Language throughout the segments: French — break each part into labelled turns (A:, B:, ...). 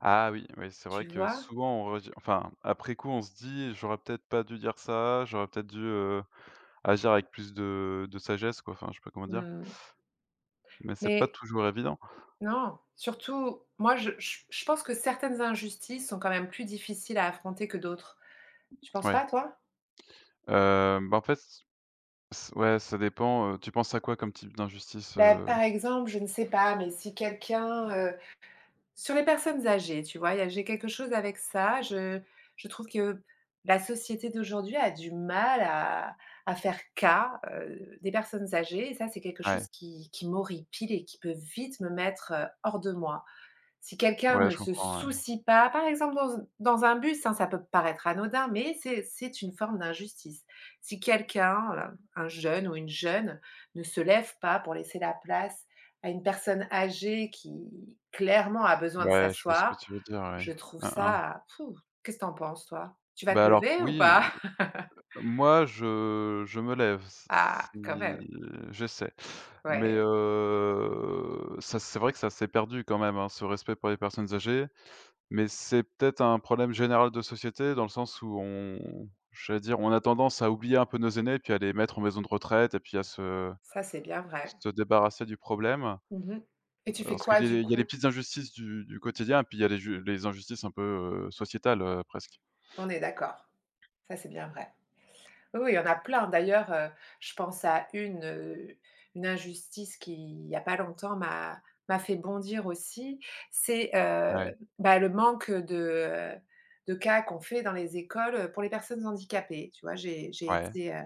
A: Ah oui, oui c'est vrai
B: Tu
A: que
B: vois?
A: souvent on redis enfin après coup on se dit j'aurais peut-être pas dû dire ça, j'aurais peut-être dû, heu, agir avec plus de de sagesse quoi, enfin je sais pas comment dire
B: Mmh.
A: mais c'est pas
B: Mais
A: toujours évident.
B: non. Surtout moi je je je pense que certaines injustices sont quand même plus difficiles à affronter que d'autres. Tu penses
A: Ouais.
B: pas toi?
A: Heu, bah en fait c c ouais ça dépend, heu, tu penses à quoi comme type d'injustice,
B: Bah
A: heu?
B: par exemple, je ne sais pas, mais si quelqu'un, heu sur les personnes âgées, tu vois, il y a j'ai quelque chose avec ça, je je trouve que la société d'aujourd'hui a du mal à à faire cas, heu, des personnes âgées et ça, c'est quelque
A: Ouais.
B: chose qui qui m'horripile et qui peut vite me mettre, heu, hors de moi. Si quelqu'un
A: Ouais,
B: ne
A: je
B: se
A: comprends, ouais.
B: soucie pas, par exemple dans un dans un bus, hein, ça peut paraître anodin, mais c'est c'est une forme d'injustice. Si quelqu'un, heu, un jeune ou une jeune ne se lève pas pour laisser la place à une personne âgée qui clairement a besoin de
A: Ouais, je vois ce que
B: s'asseoir,
A: tu veux dire, ouais.
B: je trouve
A: Hein, hein.
B: ça, pfou! Qu'est-ce que tu en penses toi? Tu vas
A: Bah
B: te
A: alors que
B: lever ou
A: oui, heu
B: pas?
A: heu, moi je je me lève s s
B: Ah! Quand même!
A: si j'essaie. Mais
B: Ouais.
A: heu, ça c'est vrai que ça s'est perdu quand même, hein, ce respect pour les personnes âgées. Mais c'est peut-être un problème général de société dans le sens où on j'allais dire on a tendance à oublier un peu nos aînés et puis à les mettre en maison de retraite et puis à se
B: Ça, c'est bien vrai.
A: se débarrasser du problème, heu,
B: Mmh mh et tu fais
A: lorsqu'
B: quoi
A: il y a
B: du
A: des il y a des
B: coup?
A: petites injustices du du quotidien puis il y a ju les injustices un peu, heu, sociétales, heu, presque.
B: On est d'accord. Ça c'est bien vrai. Oui, oui, il y en a plein. D'ailleurs, heu, je pense à une, heu une injustice qu'il y a pas longtemps m'a m'a fait bondir aussi, c'est,
A: Ouais.
B: heu bah le manque de, heu de cas qu'on fait dans les écoles, heu, pour les personnes handicapées. Tu vois, j'ai j'ai
A: Ouais.
B: été, heu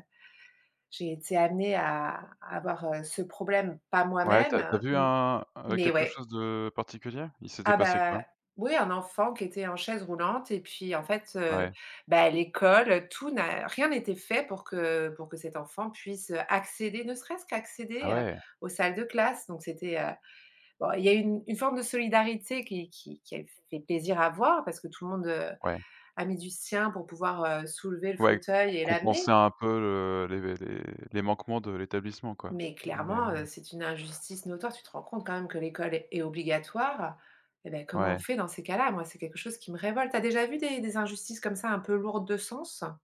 B: j'ai été amenée à à voir, heu, ce problème, pas
A: Ouais, tu
B: moi-même,
A: as tu as
B: heu
A: vu
B: mmh,
A: un un
B: mais
A: quelque
B: ouais.
A: chose de particulier? Il s'était
B: Ah
A: passé quoi?
B: bah oui, un enfant qui était en chaise roulante et puis en fait, heu,
A: Ouais.
B: bah, l'école, tout n'a rien était fait pour que pour que cet enfant puisse, heu, accéder, ne serait-ce qu'à
A: Ah
B: accéder, heu,
A: ouais!
B: aux salles de classe. Donc c'était, heu bon il y a une une forme de solidarité qui qui qui elle fait plaisir à voir. Parce que tout le monde, heu,
A: Ouais.
B: a mis du sien pour pouvoir, heu, soulever le
A: Ouais,
B: fauteuil et
A: compenser
B: l'amener
A: un peu, heu, les les les manquements de l'établissement, quoi.
B: mais
A: Mais
B: clairement,
A: heu
B: heu, c'est une injustice notoire, tu te rends compte quand même que l'école est est obligatoire? Eh ben comment on
A: Ouais.
B: fait dans ces cas-là? Moi, c'est quelque chose qui me révolte. Tu as déjà vu des des injustices comme ça un peu lourdes de sens?